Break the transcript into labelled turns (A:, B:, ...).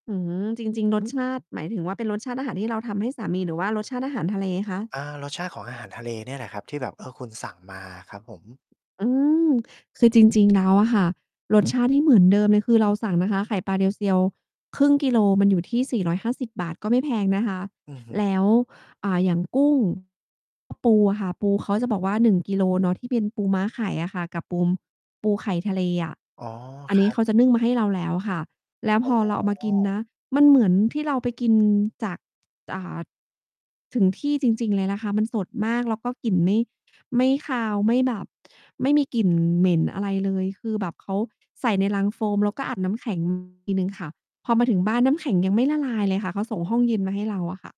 A: อืม จริง ๆ รสชาติ หมายถึงว่าเป็นรสชาติอาหารที่เราทำให้สามี หรือว่ารสชาติอาหารทะเลคะ?
B: อา รสชาติของอาหารทะเลเนี่ยแหละครับ ที่แบบ เอ่อ คุณสั่งมาอะครับผม
A: อืม คือจริง ๆ แล้วอะค่ะ รส ชาติ ที่เหมือนเดิมเลย คือเราสั่งนะคะ ไข่ปลาเรียวเซียว 0.5 กิโล มันอยู่ที่ 450 บาท ก็ไม่แพงนะคะ
B: อือฮ
A: แล้
B: ึ
A: ว อ่า อย่าง กุ้ง ก็ ปูอะค่ะ ปูเขาจะบอกว่า 1 กิโลเนาะ ที่เป็นปูม้าไข่อะค่ะ กับปูม ปูไข่ทะเลอะ
B: อ๋อ
A: อัน
B: ค
A: น
B: ร
A: ี้
B: ับ
A: เขาจะนึ่งมาให้เราแล้วค่ะ แล้ว
B: อ
A: พ
B: ๋
A: อเราเอามากิน
B: อ
A: นะ มันเหมือนที่เราไป กินจาก อ่า ถึงที่จริง ๆ เลยนะคะ มันสดมาก แล้วก็กลิ่นไม่ ไม่คาว ไม่แบบไม่มีกลิ่นเหม็นอะไรเลย คือแบบเขา ใส่ในลังโฟม แล้วก็อาบน้ำ แข็งอีก ทีหนึ่งค่ะ พอมาถึงบ้าน น้ำแข็ง ยังไม่ละลายเลยค่ะ เขาส่งห้องเย็นมาให้เราอะ ค่ะ